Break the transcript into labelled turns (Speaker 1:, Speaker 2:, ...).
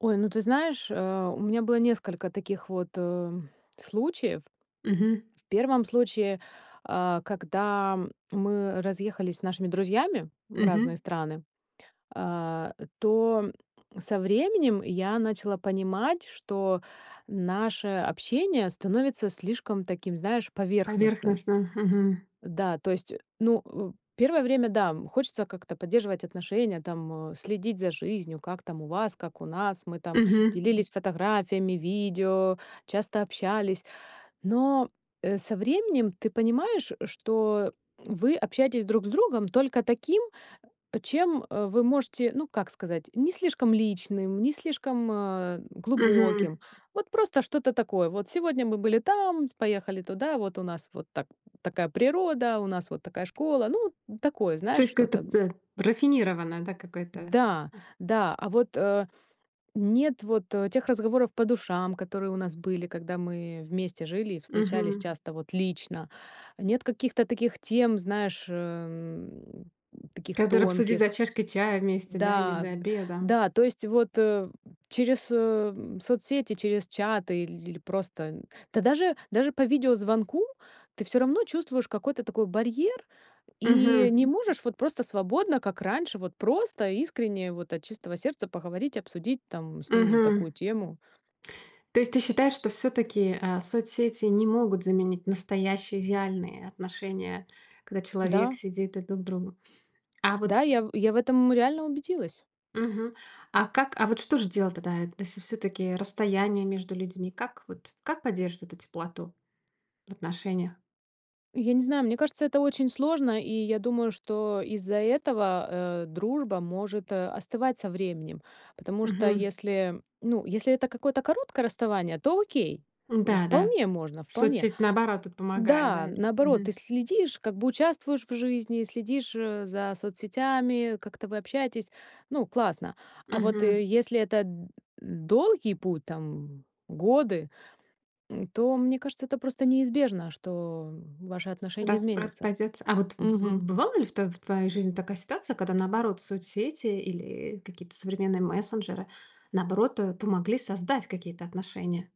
Speaker 1: Ой, ну ты знаешь, э, у меня было несколько таких вот, э, случаев.
Speaker 2: Мгм.
Speaker 1: В 1 случае, а, когда мы разъехались с нашими друзьями в
Speaker 2: Мгм.
Speaker 1: разные страны, а, то со временем я начала понимать, что наше общение становится слишком таким, знаешь, поверхностным.
Speaker 2: Поверхностно. Мгм.
Speaker 1: Да, то есть, ну, э, первое время, да, хочется как-то поддерживать отношения, там, э, следить за жизнью, как там у вас, как у нас. Мы там
Speaker 2: Мгм.
Speaker 1: делились фотографиями, видео, часто общались. Но, э, со временем, ты понимаешь, что вы общаетесь друг с другом только таким, чем вы можете, ну, как сказать, не слишком личным, не слишком, э,
Speaker 2: Мгм.
Speaker 1: глубоким. Вот просто что-то такое. Вот сегодня мы были там, поехали туда, вот у нас вот так такая природа, у нас вот такая школа. Ну такое,
Speaker 2: То
Speaker 1: знаешь,
Speaker 2: есть какое-то,
Speaker 1: что-то.
Speaker 2: э, рафинированное, да, какое-то.
Speaker 1: Да, да, а вот, э, нет вот, тех разговоров по душам, которые у нас были, когда мы вместе жили и встречались
Speaker 2: Мгм.
Speaker 1: часто вот лично. Нет каких-то таких тем, знаешь, э, таких
Speaker 2: Который обсудит за
Speaker 1: тонких.
Speaker 2: чашкой чая вместе, да, или
Speaker 1: Да,
Speaker 2: за обедом.
Speaker 1: да, то есть вот через, э, соцсети, через чаты или просто да, даже даже по видеозвонку, ты всё равно чувствуешь какой-то такой барьер, и
Speaker 2: Мгм.
Speaker 1: не можешь вот просто свободно, как раньше, вот просто искренне, вот от чистого сердца поговорить, обсудить там с ними
Speaker 2: Мгм.
Speaker 1: такую тему.
Speaker 2: То есть, ты считаешь что всё-таки, э, соцсети не могут заменить настоящие идеальные отношения, когда человек
Speaker 1: Да.
Speaker 2: сидит и друг к другу. А
Speaker 1: Да,
Speaker 2: вот
Speaker 1: я я в этом реально убедилась.
Speaker 2: Мгм. А как? А вот что же делать тогда, если всё-таки расстояние между людьми? Как вот как поддерживать эту теплоту в отношениях?
Speaker 1: Я не знаю, мне кажется, это очень сложно, и я думаю, что из-за этого, э, дружба может остывать со временем, потому что
Speaker 2: Мгм.
Speaker 1: если ну, если это какое-то короткое расставание, то окей,
Speaker 2: М-да, да,
Speaker 1: вполне можно, вполне.
Speaker 2: соцсеть, наоборот, тут помогает,
Speaker 1: Да,
Speaker 2: да или?
Speaker 1: наоборот, ты
Speaker 2: Мгм.
Speaker 1: следишь, как бы участвуешь в жизни, следишь, э, за соцсетями, как-то вы общаетесь, ну, классно. А вот,
Speaker 2: Мгм.
Speaker 1: э, если это д долгий путь, там, годы, то, мне кажется, это просто неизбежно, что ваши отношения
Speaker 2: Рас
Speaker 1: изменятся.
Speaker 2: распадётся. А вот, м,
Speaker 1: Мгм.
Speaker 2: бывали ли в тво в твоей жизни такая ситуация, когда наоборот, соцсети или, э, какие-то современные мессенджеры наоборот, э, помогли создать какие-то отношения?